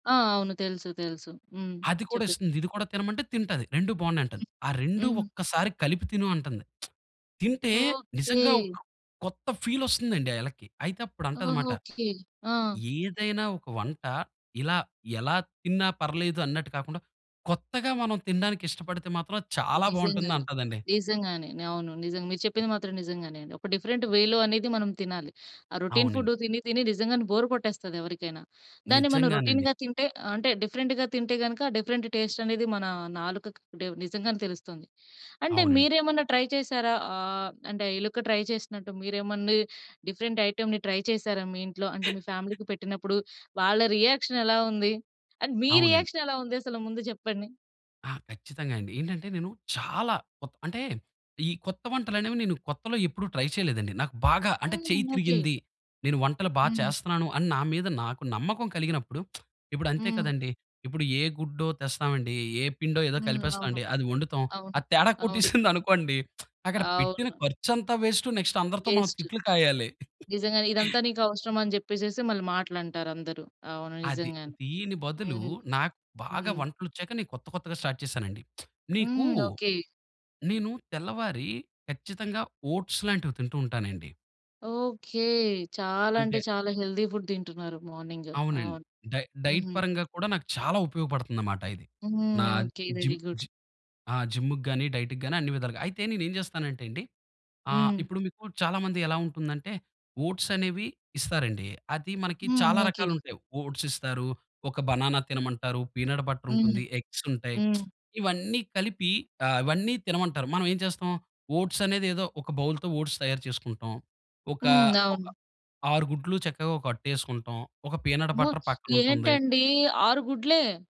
ఆ! అవును. తెలుసు, తెలుసు. హ్మ్. అది కూడా చెప్పండి. ఇస్తుంది, ఇది కూడా తినమంటే తింటాది. 2 బాగున్నాయంటాది. ఆ హ్మ్. 2 హ్మ్. ఒక్కసారి కలిపి తిను అంటుంది. తింటే, నిజంగా ఓకే. ఒక కొత్త ఫీల్ వస్తుందండి ఆ ఎలక్కి. అయితే అప్పుడు ఓహ్! అంటదిమాట, ఓకే. ఆ! "ఏదైనా ఒక వంట ఇలా ఎలా తిన్నా పర్లేదు అన్నట్టు కాకుండా, కొత్తగా మనం తినడానికి ఇష్టపడితే మాత్రం చాలా నిజంగానే, బాగుంటుందంటాదండి." నిజంగానే. అవును. నిజంగా మీరు చెప్పింది మాత్రం నిజంగానే. ఒక డిఫరెంట్ వేలో అనేది మనం తినాలి. ఆ రోటిన్ ఫుడ్ అవునండి. తిని, తిని నిజంగానే బోర్ కొట్టేస్తది ఎవరికైనా, దాన్ని మనం నిజంగానండి. రోటిన్‌గా తింటే ఆహ్, అంటే డిఫరెంట్‌గా తింటే గనుక, డిఫరెంట్ టెస్ట్ అనేది మన నాలుకకి అంటే నిజంగానే తెలుస్తుంది. అంటే అవునండి. మీరేమన్నా ట్రై చేసారా? ఆహ్, అంటే ఎలుక ట్రై చేసినట్టు మీరేమన్నా డిఫరెంట్ ఐటెమ్‌ని ట్రై చేసారా? మీ ఇంట్లో అంటే మీ ఫ్యామిలీకి పెట్టినప్పుడు, వాళ్ళ రియాక్షన్ ఎలా ఉంది? అండ్, మీ అవునండి. రియాక్షన్ ఎలా ఉందసలు ముందు జెప్పండి? ఆ! ఖచ్చితంగా అండి! ఏంటంటే నేను, చాలా కొత్ అంటే ఈ కొత్త వంటలనేవి నేను కొత్తలో ఎప్పుడూ ట్రై చేయలేదండి. నాకు బాగా అంటే హ్మ్. చెయ్యి ఓకే. తిరిగింది, నేను వంటలు బాగా హ్మ్. చేస్తున్నాను! అని నా మీద నాకు నమ్మకం కలిగినప్పుడు, ఇప్పుడంతే హ్మ్. కదండీ, ఇప్పుడు ఏ గుడ్డో తెస్తామండి, ఏ పిండో ఏదో హ్మ్. అవును. కలిపేస్తామండి, అది వండుతాం. అవును. అది తేడా అవును. కొట్టేసిందనుకోండి, అక్కడ పెట్టిన అవును. ఖర్చంతా వెస్ట్, నెక్స్ట్ అందరితో మనం వేస్టు, తిట్లు కాయాలి. నిజంగానే, ఇదంతా నీకవసరమ అని జెప్పేసేసి మళ్ళి మాటలంటారందరు. అవును. అది, నిజంగానే. దీని బదులు హ్మ్. నాకు బాగా హ్మ్. వంటలు వచ్చాక నేను కొత్త, కొత్తగా స్టార్ట్ చేశానండి. మీకు హ్మ్. ఓకే. నేను తెల్లవారి ఖచ్చితంగా ఓట్స్ లాంటివి తింటూ ఉంటానండి. ఓకే. చాలా అంటే అంటే చాలా హెల్తీ ఫుడ్ తింటున్నారు మార్నింగ్. అవునండి. అవును. డై డైట్ హ్మ్. పరంగా కూడా నాకు చాలా ఉపయోగపడుతుందన్నమాట ఇది. హ్మ్. నా okay. Very gym good! Gym ఆ! జిమ్ముకి గాని, డైట్‌కి గాని అన్ని విధాలుగా. అయితే నేనేం జేస్తానంటే అండి, ఆహ్, హ్మ్. ఇప్పుడు మీకు చాలా మంది ఎలా ఉంటుందంటే ఓట్సనేవి ఇస్తారండి. అది మనకి హ్మ్. చాలా ఓకే. రకాలు ఉంటాయి ఓట్స్ ఇస్తారు, ఒక బననా తినమంటారు, పీనట్ బటర్ హ్మ్. ఉంటుంది, ఎగ్స్ ఉంటాయి. హ్మ్. ఇవన్నీ కలిపి ఆహ్, ఇవన్నీ తినమంటారు. మనం ఏం చేస్తాం, ఓట్సనేది ఏదో ఒక బౌల్‌తో ఓట్స్ తయారు చేసుకుంటాం. ఒక, హ్మ్. ఒక అవును. 6 గుడ్లు చక్కగా ఒక అట్టేసుకుంటాం. ఒక పీనట్ అమ్మో! బటర్ పక్కనుంటుంది. ఏంటండి 6 గుడ్లే.